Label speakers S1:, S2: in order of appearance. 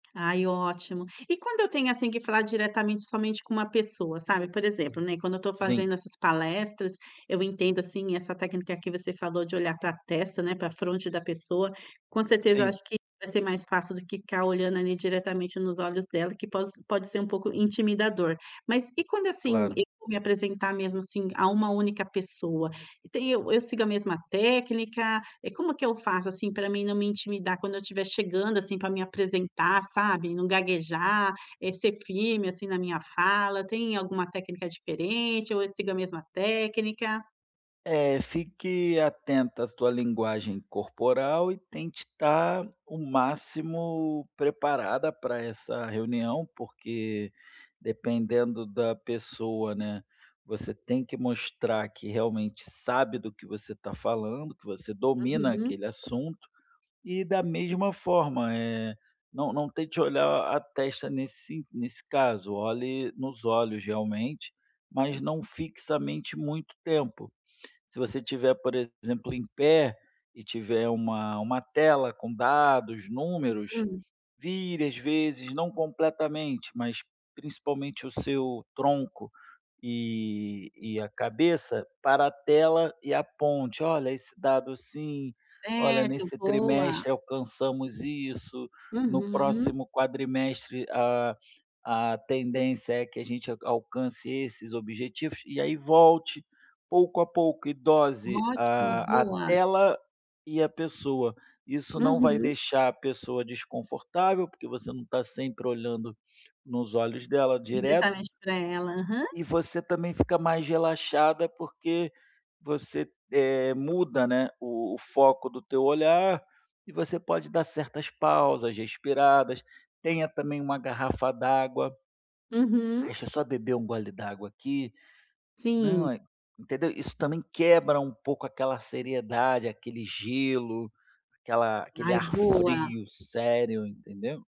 S1: Ai, ótimo. E quando eu tenho, assim, que falar diretamente somente com uma pessoa, sabe? Por exemplo, né, quando eu estou fazendo
S2: Sim.
S1: essas palestras, eu entendo, assim, essa técnica que você falou de olhar pra testa, né, pra fronte da pessoa. Com certeza, eu acho
S2: Sim.
S1: que vai ser mais fácil do que ficar olhando ali diretamente nos olhos dela, que poss pode ser um pouco intimidador. Mas e quando, assim,
S2: Claro.
S1: eu vou me apresentar mesmo, assim, a uma única pessoa? Tem eu eu sigo a mesma técnica? É como que eu faço, assim, pra mim não me intimidar quando eu estiver chegando, assim, pra me apresentar, sabe, não gaguejar, eh, ser firme, assim, na minha fala. Tem alguma técnica diferente ou eu sigo a mesma técnica?
S2: É, fique atenta à sua linguagem corporal e tente estar o máximo preparada pra essa reunião. Porque dependendo da pessoa, né, você tem que mostrar que realmente sabe do que você está falando, que você domina
S1: Uhum.
S2: aquele assunto. E, da mesma forma, eh, não não tente olhar a testa nesse nesse caso. Olhe nos olhos, realmente, mas não fixamente muito tempo. Se você tiver, por exemplo, em pé e tiver uma uma tela com dados, números,
S1: Hum.
S2: vire às vezes, não completamente, mas principalmente o seu tronco e e a cabeça para tela e aponte: “Olha, esse dado assim. Olha,
S1: Certo,
S2: nesse
S1: boa.
S2: trimestre alcançamos isso. No
S1: Uhum.
S2: próximo quadrimestre, a a tendência é que a gente alcance esses objetivos”, e aí volte, pouco a pouco, e dose
S1: Ótimo,
S2: a a
S1: boa.
S2: tela e a pessoa. Isso não vai
S1: Uhum.
S2: deixar a pessoa desconfortável, porque você não está sempre olhando nos olhos dela direto
S1: Diretamente para ela. Aham.
S2: e você também fica mais relaxada, porque você, eh, muda, né, o o foco do teu olhar e você pode dar certas pausas, respiradas. Tenha também uma garrafa d'água
S1: Uhum.
S2: "Deixa só beber um gole d'água aqui.
S1: Sim.
S2: Não, hã", entendeu? Isso também quebra um pouco aquela seriedade, aquele gelo, aquela aquele
S1: Ai,
S2: ar
S1: boa.
S2: frio sério, entendeu?